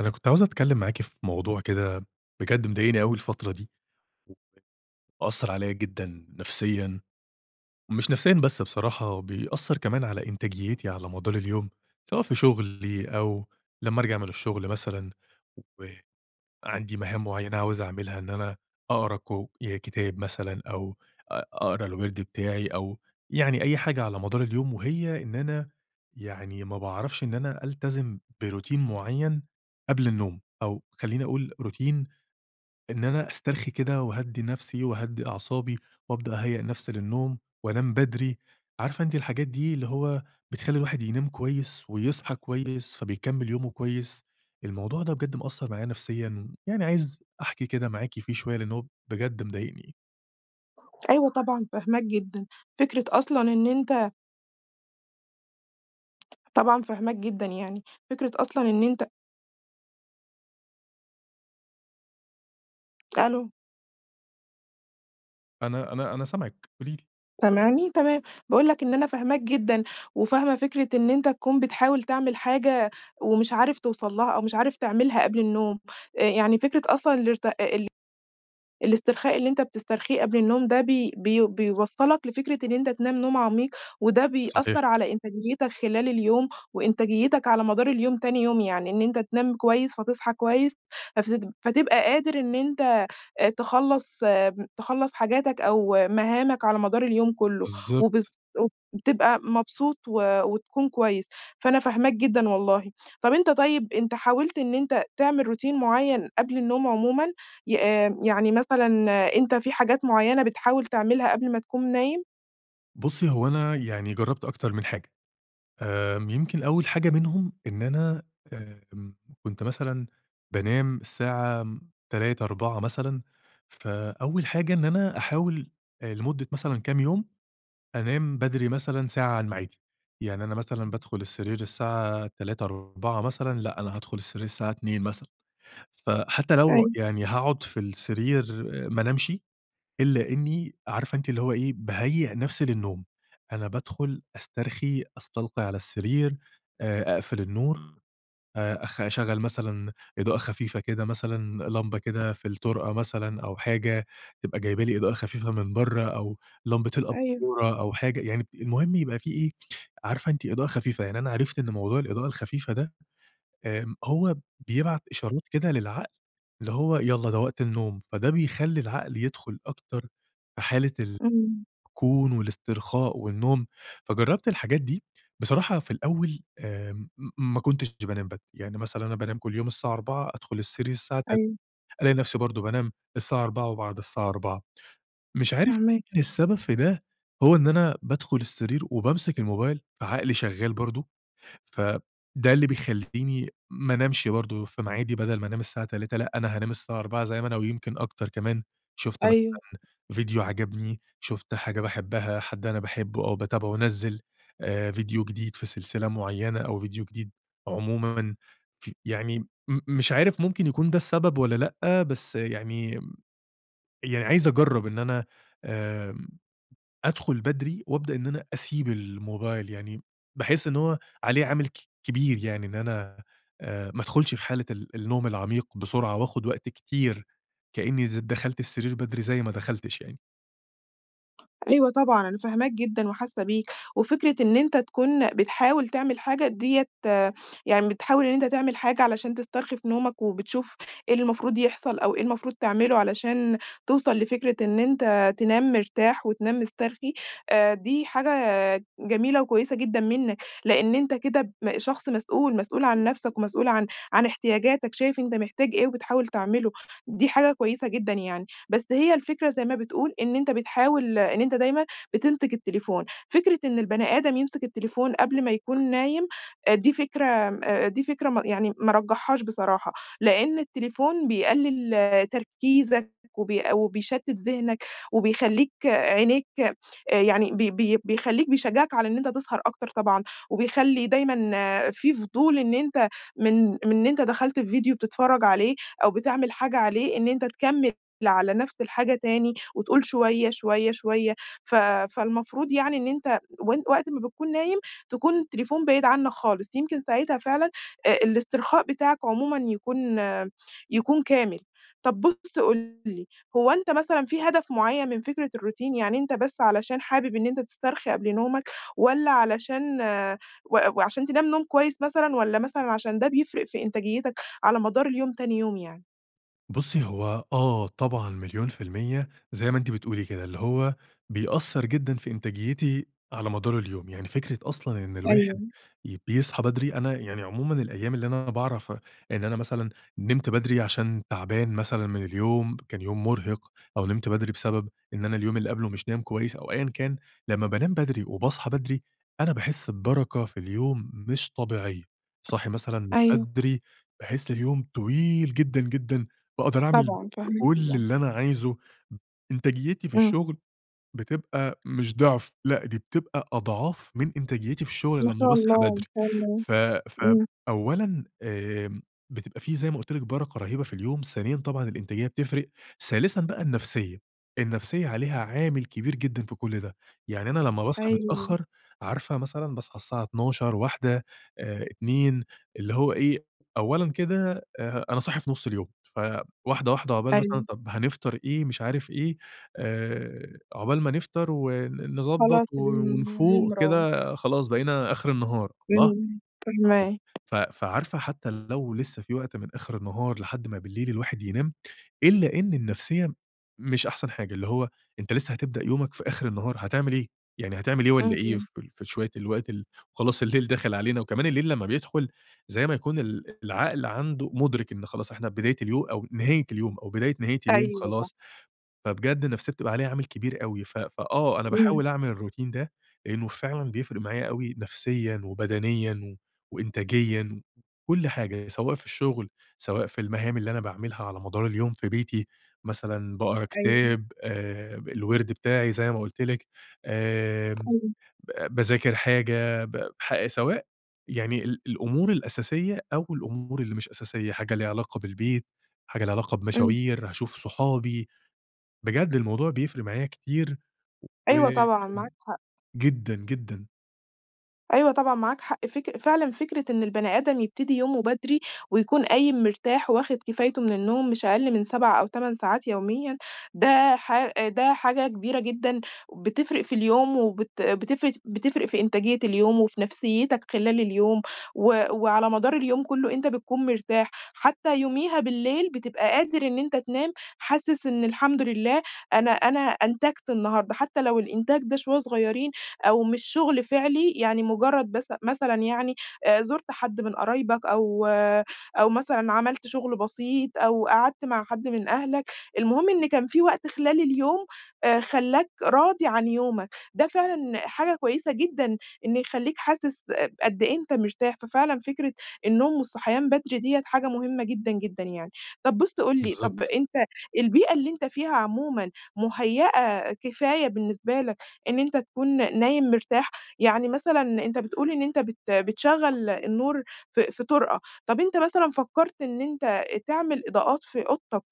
أنا كنت عاوز أتكلم معاكِ في موضوع كده بجد مضايقني أوي الفترة دي، ومأثر عليَّ جدًا نفسيًا، مش نفسيًا بس بصراحة، بيأثر كمان على إنتاجيتي على مدار اليوم، سواء في شغلي أو لمّا أرجع من الشغل مثلًا، وعندي مهام مُعيّنة عاوز أعملها إن أنا أقرا كُ ي كِتاب مثلًا أو أ أقرا الوِرد بتاعي أو يعني أي حاجة على مدار اليوم وهي إن أنا يعني ما باعرفش إن أنا ألتزم بروتين مُعيّن قبل النوم، أو خلّيني أقول روتين إن أنا أسترخي كده وأهدّي نفسي، وأهدّي أعصابي، وأبدأ أهيأ نفسي للنوم وأنام بدري. عارفة أنتِ الحاجات دي اللي هو بتخلّي الواحد ينام كويس، ويصحى كويس، فبيكمل يومه كويس؟ الموضوع ده بجد مأثر معايا نفسيًا، يعني عايز أحكِي كده معاكِ فيه شوية لأن هو بجد مضايقني. أيوه طبعًا فاهماك جدًا، فكرة أصلًا إن أنت طبعًا فاهماك جدًا يعني، فكرة أصلًا إن أنت ألو. أنا أنا أنا سامعِك، قولي لي. سامعني تمام، باقول لك إن أنا فاهماك جدًا، وفاهمة فكرة إن أنت تكون بتحاول تعمل حاجة ومش عارف توصل لها، أو مش عارف تعملها قبل النوم. يعني فكرة أصلًا الارت ال الإسترخاء اللي إنت بتسترخيه قبل النوم ده، بي بي بيوصّلك لفكرة إن إنت تنام نوم عميق، وده صحيح. بيأثّر على إنتاجيتك خلال اليوم، وإنتاجيتك على مدار اليوم تاني يوم، يعني إن إنت تنام كويس، فتصحى كويس، فسدب فتبقى قادر إن إنت تخلّص م تخلّص حاجاتك أو مهَامك على مدار اليوم كُلّه و بالضبط. [unintelligible] بتبقى مبسوط و وتكون كويس، فأنا فاهماك جدًا والله. طب أنت طيب، أنت حاولت إن أنت تعمل روتين مُعين قبل النوم عمومًا ي يعني مثلًا أنت في حاجات مُعينة بتحاول تعملها قبل ما تكون نايم؟ بُصّيُ هو أنا يعني جرّبت أكتر من حاجة، آمم، يمكن أول حاجة منهم إن أنا آآ أم كُنت مثلًا بانام الساعة 03:00، 04:00 مثلًا، فأول حاجة إن أنا أحاول لمدة مثلًا كام يوم أنام بدري مثلًا ساعة عن ميعادي، يعني أنا مثلًا بادخل السرير الساعة 03:00، 04:00 مثلًا لأ، أنا هادخل السرير الساعة 02:00 مثلًا، فحتى لو أيوه. يعني هاقعد في السرير ما أنامشِ إلا إني، عارفة أنت اللي هو إيه باهيأ نفسي للنوم، أنا بادخل أسترخي، أستلقي على السرير، آآ أقفل النور آآ أخ أشغل مثلًا إضاءة خفيفة كده، مثلًا لمبة كده في الطرقة مثلًا، أو حاجة تبقى جايبة لي إضاءة خفيفة من برّه أو لمبة أيوه. الأباچورة، أو حاجة يعني ب المهم يبقى في إيه عارفة أنتِ إضاءة خفيفة يعني. أنا عرفت إن موضوع الإضاءة الخفيفة ده آآ هو بيبعت إشارات كده للعقل، اللي هو يالّا ده وقت النوم. فده بيخلّي العقل يدخُل أكتر في حالة ال امم. كون والاسترخاء والنوم. فجرّبت الحاجات دي بصراحة في الأول آمم م ما كُنتش د بانام بد يعني مثلًا أنا بانام كل يوم الساعة 04:00 أدخل السرير الساعة تل أيوه. ألاقي نفسي، برضه بانام الساعة 04:00 وبعد الساعة 04:00 مش عارف فاهماك. مين السبب في ده، هو إن أنا بادخل السرير وبامسك الموبايل، فعقلي شغال برضه فده اللي بيخلّيني ما انامشِ برضه في ميعادي بدل ما أنام الساعة 03:00 لأ أنا هانام الساعة 04:00 زي ما أنا، ويمكن أكتر كمان، شُفت م أيوه. ڤيديو عَجبني شُفت حاجة باحبها حد أنا باحبه أو باتابعه نزّل آآ ڤيديو جديد في سلسلة مُعينة أو ڤيديو جديد عمومًا ف يعني م مش عارف ممكن يكون ده السبب، والّا لأ. بس يعني يعني عايز أجرّب إن أنا آآ أدخل بدري، وأبدأ إن أنا أسيب الموبايل، يعني باحس إن هو عليه عامل ك كبير يعني إن أنا، آآ، ما ادخُلش في حالة ال النوم العميق بسرعة، وآخد وقت كتير كأني ز دخلت السرير بدري، زي ما دخلتش يعني. أيوه طبعًا أنا فاهماك جدًا وحاسة بيك، وفكرة إن أنت تكون بتحاول تعمل حاجة دِيَّة يعني بتحاول إن أنت تعمل حاجة علشان تسترخي في نومك، وبتشوف إيه اللي المفروض يحصل، أو إيه المفروض تعمله علشان توصل لفكرة إن أنت تنام مرتاح وتنام مسترخي، آآ دي حاجة جميلة وكويسة جدًا منك، لأن أنت كده م شخص مسؤول، مسؤول عن نفسك، ومسؤول عن عن إحتياجاتك، شايف أنت محتاج إيه وبتحاول تعمله، دي حاجة كويسة جدًا يعني. بس هي الفكرة زي ما بتقول إن أنت بتحاول إن أنت دايمًا بتمسك التليفون، فكرة إن البني آدم يمسك التليفون قبل ما يكون نايم آآ دي فكرة آمم، أ دي فكرة م يعني ما أرجحهاش بصراحة، لأن التليفون بيقلل تركيزك وبيق وبيشتت ذهنك وبيخلّيك عينيك آآ يعني بي بي بيخلّيك بيشجعك على إن أنت تسهر أكتر طبعًا، وبيخلّي دايمًا في فضول إن أنت من من إن أنت دخلت في فيديو بتتفرج عليه أو بتعمل حاجة عليه، إن أنت تكمل على نفس الحاجة تاني وتقول شوية، شوية، شوية، ف فالمفروض يعني إن أنت وأن وقت ما بتكون نايم، تكون التليفون بعيد عنك خالص، يمكن ساعتها فعلًا أ الإسترخاء بتاعك عمومًا يكون يكون كامل. طب بُص قُل لي، هو أنت مثلًا في هدف مُعيّن من فكرة الروتين؟ يعني أنت بس علشان حابب إن أنت تسترخي قبل نومك والّا علشان و وعشان تنام نوم كويس مثلًا، والّا مثلًا عشان ده بيفرق في إنتاجيتك على مدار اليوم تاني يوم يعني؟ بُصّي هو آه طبعًا مليون في المِيَّة زي ما أنتِ بتقولي كده، اللي هو بيأثّر جدًا في إنتاجيتي على مدار اليوم، يعني فكرة أصلًا إن الواحد أيوه. ي بيصحى بدري، أنا يعني عمومًا الأيام اللي أنا باعرف إن أنا مثلًا نِمت بدري عشان تعبان مثلًا من اليوم، كان يوم مرهق، أو نِمت بدري بسبب إن أنا اليوم اللي قبلُه مش نايم كويس أو أيًا كان، لمّا بانام بدري وباصحى بدري، أنا باحس ببرَكة في اليوم مش طبيعية، صاحي مثلًا من أيوه. بدري، باحس اليوم طويل جدًا جدًا، باقدر أعمِل طبعًا، فاهماك كلّ اللي [unintelligible] أنا عايزُه. إنتاجيتي في إمم. الشغل بتبقى مش ضِعف، لأ، دي بتبقى أضعاف من إنتاجيتي في الشغل ما لمّا شاء باصحى الله، ما بدري. شاء الله، ف ف إمم. أولًا آآ بتبقى في زي ما قُلت لِك برَكة رهيبة في اليوم، ثانيًا طبعًا الإنتاجية بتفرِق، ثالثًا بقى النفسية، النفسية عليها عامل كبير جدًا في كل ده، يعني أنا لمّا باصحى أيوه. متأخر، عارفة مثلًا باصحى الساعة 12:00، 13:00، آآ 14:00، اللي هو إيه أولًا كده آآ أنا صاحي في نص اليوم، فواحدة واحدة عقبال مثلًا أيوه. طَب هنفطَر إيه، مش عارف إيه، آآ عقبال ما نفطر ون نضبّط خلاص اليوم اليوم ونفُوق راح. كده، خلاص بقينا آخر النهار. الله! إمم، [unintelligible] فاهماك. ف فعارفة حتى لو لسه في وقت من آخر النهار لحد ما بالليل الواحد ينام، إلا إن النفسية مش أحسن حاجة، اللي هو أنت لسه هتبدأ يومك في آخر النهار، هتعمل إيه؟ يعني هتعمل إيه والّا إيه اهم. في ال في شوية الوقت ال وخلاص الليل داخل علينا، وكمان الليل لمّا بيدخل زي ما يكون ال العقل عنده مُدرِك إن خلاص إحنا بداية اليو أو نهاية اليوم أو بداية نهاية اليوم أيوه صح. خلاص، فبجد النفسية بتبقى عليها عامل كبير أوي، ف ف آه، أنا إمم. باحاول أعمل الروتين ده لأنه فعلًا بيفرِق معايا أوي نفسيًا وبدنيًا و وإنتاجيًا وكل حاجة، سواء في الشغل، سواء في المهام اللي أنا باعملها على مدار اليوم في بيتي، مثلًا باقرا أيوه. كتاب، آآ الوِرد بتاعي زي ما قُلت لِك، آمم، أيوه. ب باذاكر حاجة، ب ح سواء يعني ال الأمور الأساسية أو الأمور اللي مش أساسية، حاجة ليها علاقة بالبيت، حاجة ليها علاقة إمم. بمشاوير، هاشوف صحابي، بجد الموضوع بيفرِق معايا كتير و أيوه طبعًا، معاك حق. جدًا جدًا. أيوه طبعًا، معاك حق فك فعلًا فِكرة إن البني آدم يبتدي يومه بدري، ويكون قايم مرتاح، وواخد كفايته من النوم مش أقل من 7 أو 8 ساعات يوميًا ده ح ده حاجة كبيرة جدًا بتفرق في اليوم، وبت بتفرق بتفرق في إنتاجية اليوم وفي نفسيتك خلال اليوم، و وعلى مدار اليوم كُلّه أنت بتكون مرتاح، حتى يوميها بالليل بتبقى قادر إن أنت تنام، حاسس إن الحمد لله أنا أنا أنتجت النهارده، حتى لو الإنتاج ده شوّية صغيرين أو مش شُغل فعليّ، يعني مجرد بس مثلًا يعني آآ زُرت حد من قرايبك أو أو مثلًا عملت شُغل بسيط، أو قعدت مع حد من أهلك، المهم إن كان في وقت خلال اليوم آآ خلّاك راضي عن يومك، ده فعلًا حاجة كويسة جدًا إن يخلّيك حاسِس قد إيه أنت مرتاح، ففعلًا فكرة النوم والصحيان بدري ديّة حاجة مهمة جدًا، جدًا يعني، طب بُص قُل لي طب بالضبط. أنت البيئة اللي أنت فيها عمومًا مُهيئة كفاية بالنسبة لَك إن أنت تكون نايم مرتاح، يعني مثلًا أنت بتقول إن أنت بت بتشغّل النور في في طُرقة، طب أنت مثلًا فكّرت إن أنت تعمل إضاءات في أوضتك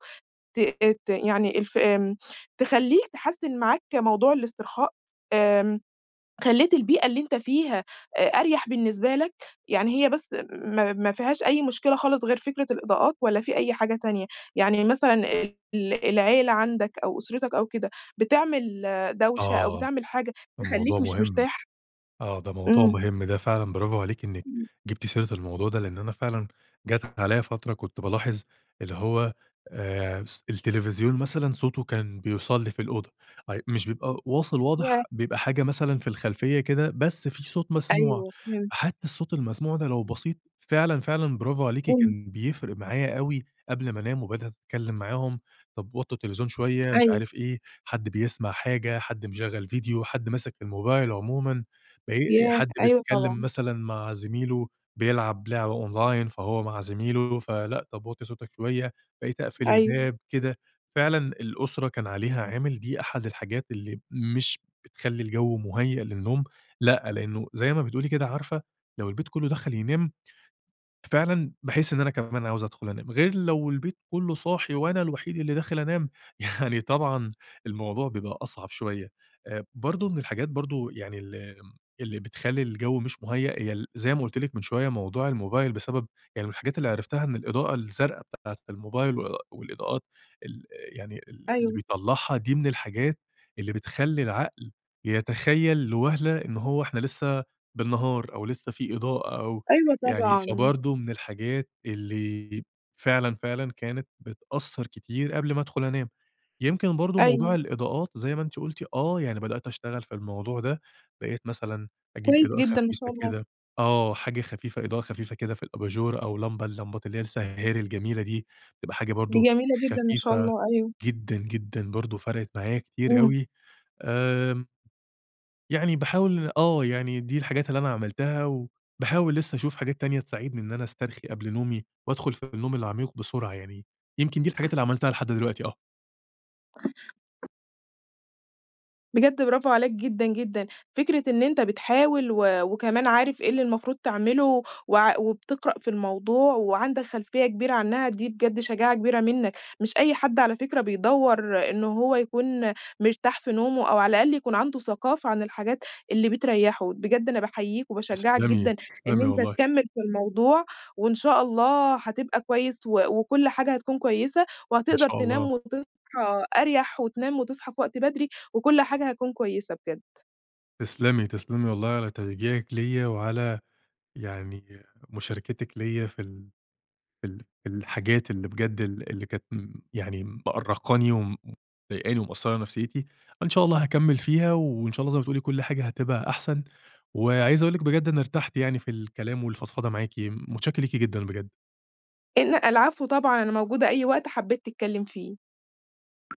ت ت يعني الف آمم تخلّيك تحسّن معاك موضوع الاسترخاء، آمم خلّيت البيئة اللي أنتَ فيها أ أريح بالنسبة لَك، يعني هي بس ما ما فيهاش أي مُشكلة خالص غير فكرة الإضاءات والّا في أي حاجة تانية؟ يعني مثلًا ال ال العيلة عندك أو أسرتك أو كده بتعمل دوشة أو آه، بتعمل حاجة الموضوع تخلّيك مش مهم. مرتاح؟ آه، ده موضوع إمم. مهم ده فعلًا برافو عليكِ إنِك إمم. جِبتِ سيرة الموضوع ده، لإن أنا فعلًا جات عليّا فترة كنت بالاحظ اللي هو آآ س التلفزيون مثلًا صوته كان بيوصل لي في الأوضة، اي مش بيبقى واصل ياه! واضح بيبقى حاجة مثلًا في الخلفية كده، بس في صوت مسموع، أيوه، فهمتك. حتى الصوت المسموع ده لو بسيط فعلًا، فعلًا برافو عليكِ إمم. كان بيفرق معايا أوي، قبل ما أنام وبدأت أتكلم معاهم، طب وطّوا التلفزيون شويّة مش أيوه. عارف إيه، حد بيسمع حاجة حد مشغل فيديو، حد ماسك الموبايل عمومًا، بقي ياه! حد أيوه بيتكلم طبعًا. مثلًا مع زميله بيلعب لعبة Online فهو مع زميله فلأ، طب وطّي صوتك شوّية، بقيت أقفل أيوه. الباب كده، فعلًا الأُسرة كان عليها عامل دي أحد الحاجات اللي مش بتخلّي الجو مُهيّأ للنوم لأ، لإنه زي ما بتقولي كده عارفة، لو البيت كُلُّه دخل ينام فعلًا باحس إن أنا كمان عاوز أدخُل أنام، غير لو البيت كُلُّه صاحي وأنا الوحيد اللي داخل أنام، يعني طبعًا الموضوع بيبقى أصعب شوية، آآ برضو من الحاجات برضو يعني ال اللي بتخلّي الجو مش مُهيّأ، هي ال زي ما قُلت لِك من شوية موضوع الموبايل بسبب يعني من الحاجات اللي عرفتها إن الإضاءة الزرقا بتاعة الموبايل و والإضاءات ال يعني ال اللي أيوه. بيطلّعها، دي من الحاجات اللي بتخلّي العقل يتخيّل لوَهلة إن هو إحنا لِسَّه بالنّهار، أو لِسّّه في إضاءة أو أيوه يعني طبعًا. فبرضو من الحاجات اللي فعلًا، فعلًا كانت بتأثّر كتير قبل ما أدخل أنام، يمكن برضو موضوع أيوه. الإضاءات زي ما أنتِ قُلتِ آه، يعني بدأت أشتغل في الموضوع ده، بقيت مثلًا أجيب كويس إضاءة جدًا، ما شاء خفيفة الله. كده آه، حاجة خفيفة إضاءة خفيفة كده في الأباجورة، أو لمبة اللمبات اللي هي السَّهّارِي الجميلة دي، تبقى حاجة دي برضو جميلة جدًا، ما شاء خفيفة الله أيوه. جدًا، جدًا برضو فَرَقِت معايا كتير إمم. أوي آمم يعني باحاول آه، يعني دي الحاجات اللي أنا عملتها، وباحاول لسه أشوف حاجات تانية تساعدني إن أنا أسترخي قبل نومي، وأدخُل في النوم العميق بسرعة يعني يمكن دي الحاجات اللي عملتها لحد دلوقتي آه. بجد برافو عليك جدًا، جدًا، فكرة إن أنتَ بتحاول و وكمان عارف إيه اللي المفروض تعمله، وعـا- وبتقرأ في الموضوع وعندك خلفية كبيرة عنها، دي بجد شجاعة كبيرة مِنَّك، مش أي حد على فكرة بيدوّر إنه هو يكون مرتاح في نومه، أو على الأقل يكون عنده ثقافة عن الحاجات اللي بتريحه، بجد أنا بأحيّيَك وباشجّعك جدًا تسْلمي، إن تسْلمي أنتَ والله. تكمل في الموضوع، وإن شاء الله حتبقى كويس وكُلّ حاجة هتكون كويسة إن وهتقدر شاء تنام الله. وتصحى أريح وتنام وتصحى في وقت بدري، وكل حاجة هتكون كويسة بجد. تسْلمي، تسْلمي والله على تشجيعِك ليّا، وعلى يعني مشاركتِك ليّا في ال في ال في الحاجات اللي بجد ال اللي كانت م يعني مأرّقاني وم ومضايقاني ومأثرة نفسيتي، إن شاء الله هاكمل فيها وإن شاء الله زي ما بتقولي كل حاجة هتبقى أحسن، وعايز أقول لِك بجد أنا ارتحت يعني في الكلام والفضفضة معاكِ، مُتشكر لِكِ جدًا بجد. لأ، العفو طبعًا أنا موجودة أي وقت حبيت تتكلم فيه.